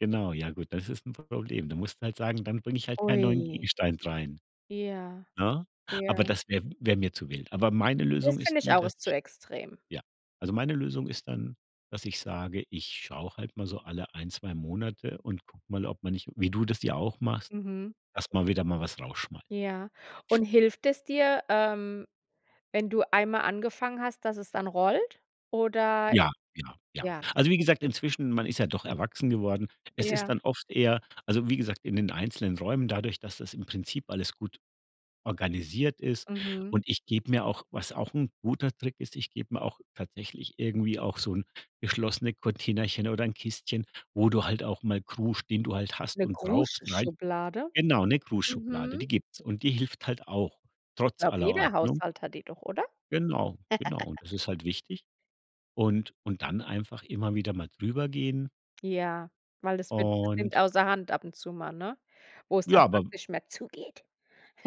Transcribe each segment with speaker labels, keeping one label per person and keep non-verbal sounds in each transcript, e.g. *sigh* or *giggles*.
Speaker 1: Genau, ja gut, das ist 'n Problem. Du musst halt sagen, dann bringe ich halt keinen neuen
Speaker 2: Ui.
Speaker 1: Gegenstand rein.
Speaker 2: Ja,
Speaker 1: Ne, aber
Speaker 2: ja.
Speaker 1: das wäre wäre mir zu wild. Aber meine Lösung
Speaker 2: Das
Speaker 1: ist
Speaker 2: finde ich
Speaker 1: die,
Speaker 2: auch
Speaker 1: dass
Speaker 2: ist zu
Speaker 1: ich
Speaker 2: extrem.
Speaker 1: ja, also, meine Lösung ist dann, dass ich sage: „Ich schaue halt mal so alle 1, 2 Monate und gucke mal, ob man nicht“ wie du das ja auch machst,
Speaker 2: Mhm.
Speaker 1: erst mal wieder mal was rausschmei
Speaker 2: Ja, und hilft es dir, ähm, wenn du einmal angefangen hast, dass es dann rollt oder
Speaker 1: Ja, ja, ja.
Speaker 2: ja,
Speaker 1: Also, wie gesagt,
Speaker 2: okay.
Speaker 1: inzwischen-– man ist ja doch erwachsen geworden. Es ist
Speaker 2: Ja.
Speaker 1: dann oft eher also, wie gesagt, in den einzelnen Räumen, dadurch, dass das im Prinzip alles gut organisiert ist.
Speaker 2: Mhm.
Speaker 1: Und ich gebe mir auch was auch 'n guter Trick ist, ich gebe mir auch tatsächlich irgendwie auch so 'n geschlossene Containerchen oder 'n Kistchen, wo du halt auch mal Krusch, den du halt hast
Speaker 2: 'Ne
Speaker 1: und brauchst, rein
Speaker 2: Kruschschublade?
Speaker 1: genau, 'ne Kruschschublade,
Speaker 2: Mhm.
Speaker 1: die gibt's. Und die hilft halt auch trotz
Speaker 2: Glaube
Speaker 1: aller
Speaker 2: jeder
Speaker 1: Ordnung.
Speaker 2: Haushalt hat die doch, oder?
Speaker 1: Genau, genau. Und das
Speaker 2: *laughs*
Speaker 1: ist halt wichtig. Und und dann einfach immer wieder mal drüber gehen
Speaker 2: Ja. Weil das wird das nimmt
Speaker 1: und
Speaker 2: außer Hand ab und zu mal, ne, wo es
Speaker 1: Ja,
Speaker 2: dann
Speaker 1: aber
Speaker 2: praktisch mehr zugeht.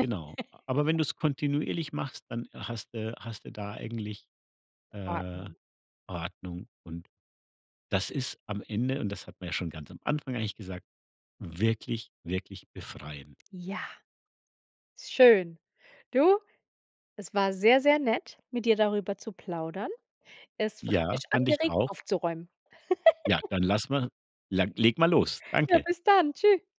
Speaker 1: Genau. A Aber wenn
Speaker 2: *laughs*
Speaker 1: du's kontinuierlich machst, dann hast du hast du da eigentlich, äh,
Speaker 2: Ordnung.
Speaker 1: Ordnung und das ist am Ende und das hatten wir ja schon ganz am Anfang eigentlich gesagt, wirklich, wirklich befreiend.
Speaker 2: Ja. Ist schön. Du, es war sehr, sehr nett, mit dir darüber zu plaudern. Es hat
Speaker 1: Ja,
Speaker 2: mich
Speaker 1: fand ich
Speaker 2: angeregt,
Speaker 1: auch.
Speaker 2: aufzuräumen.
Speaker 1: Ja, dann
Speaker 2: *giggles*
Speaker 1: lass mal lag leg mal los.
Speaker 2: Ja,
Speaker 1: Danke.
Speaker 2: bis dann, tschü